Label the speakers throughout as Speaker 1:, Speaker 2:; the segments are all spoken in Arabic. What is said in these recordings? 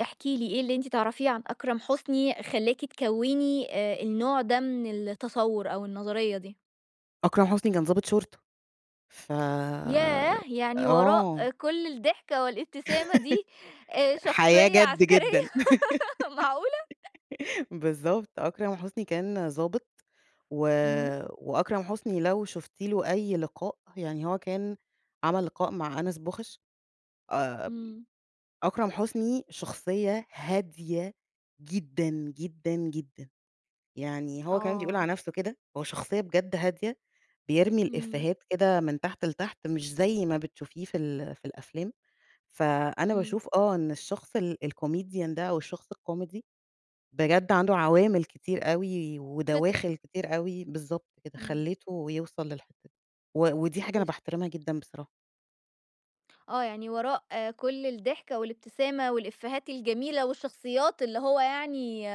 Speaker 1: احكي لي إيه اللي أنتِ تعرفيه عن أكرم حسني خلّاكِ تكوني آآ، النوع ده من التصوّر أو النظرية دي؟
Speaker 2: أكرم حسني كان ضابط شُرطة، ف
Speaker 1: ياه! يعني
Speaker 2: آه.
Speaker 1: وراء كل الضحكة والإبتسامة دي، آآ،
Speaker 2: أ حياة
Speaker 1: شخصية
Speaker 2: جَد
Speaker 1: عسكرية،
Speaker 2: جدًا،
Speaker 1: معقولة؟!
Speaker 2: بالضبط، أكرم حسني كان ضابط و
Speaker 1: إمم.
Speaker 2: وأكرم حسني لو شُفتِ له أي لقاء، يعني هو كان عمل لقاء مع أنس بوخش، آآ،
Speaker 1: إمم.
Speaker 2: أكرم حسني شخصية هادية جدًا، جدًا، جدًا، يعني هو كمان بيقول
Speaker 1: آه.
Speaker 2: على نفسُه كده، هو شخصية بجد هادية، بيرمي
Speaker 1: إمم.
Speaker 2: الإفِيهات كده من تحت لتحت، مش زي ما بتشوفيه في ال في الأفلام، فأنا
Speaker 1: إمم.
Speaker 2: باشوف آه، إن الشخص ال الcomedian ده أو الشخص الكوميدي، بجد عنده عوامل كتير أوي،
Speaker 1: فِطرة.
Speaker 2: ودواخل كتير أوي، بالضبط كده،
Speaker 1: إمم.
Speaker 2: خلِّته يوصل للحتة دي، و ودي حاجة أنا
Speaker 1: تف
Speaker 2: باحترمها جدًا بصراحة.
Speaker 1: آه، يعني وراء كل الضحكة والإبتسامة والإفِيهات الجميلة والشخصيات اللي هو يعني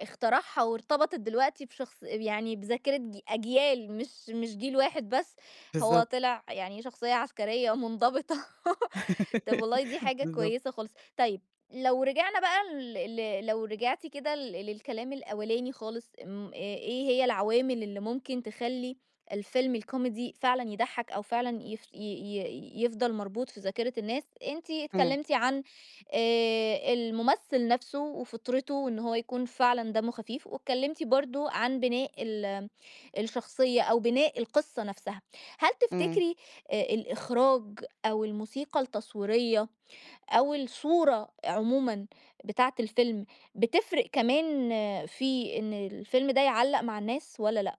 Speaker 1: اخترعها، وارتبطت دلوقتي بشخص يعني بذاكرة ج أجيال مش مش جيل واحد بس، هو
Speaker 2: بالضبط.
Speaker 1: طلع يعني شخصية عسكرية ومنضبطة. طَب والله دي حاجة
Speaker 2: بالضبط.
Speaker 1: كويسة خالص، طيب لو رجعنا بقى لل لو رجعتي كده لل للكلام الأولاني خالص، أم إيه هي العوامل اللي ممكن تخلّي الفيلم الكوميدي فعلًا يضحّك، أو فعلًا يفش ي ي يفضل مربوط في ذاكرة الناس، أنتِ
Speaker 2: امم.
Speaker 1: اتكلمتِ عن آآ، الممثل نفسه وفِطرته وإن هو يكون فعلًا دمّه خفيف، واتكلمتِ برضه عن بناء ال الشخصية أو بناء القصّة نفسها، هل
Speaker 2: امم.
Speaker 1: تفتكري آآ، الإخراج أو الموسيقى التصويرية أو الصورة عمومًا بتاعة الفيلم، بتفرق كمان في إن الفيلم ده يعلّق مع الناس والَّا لأ؟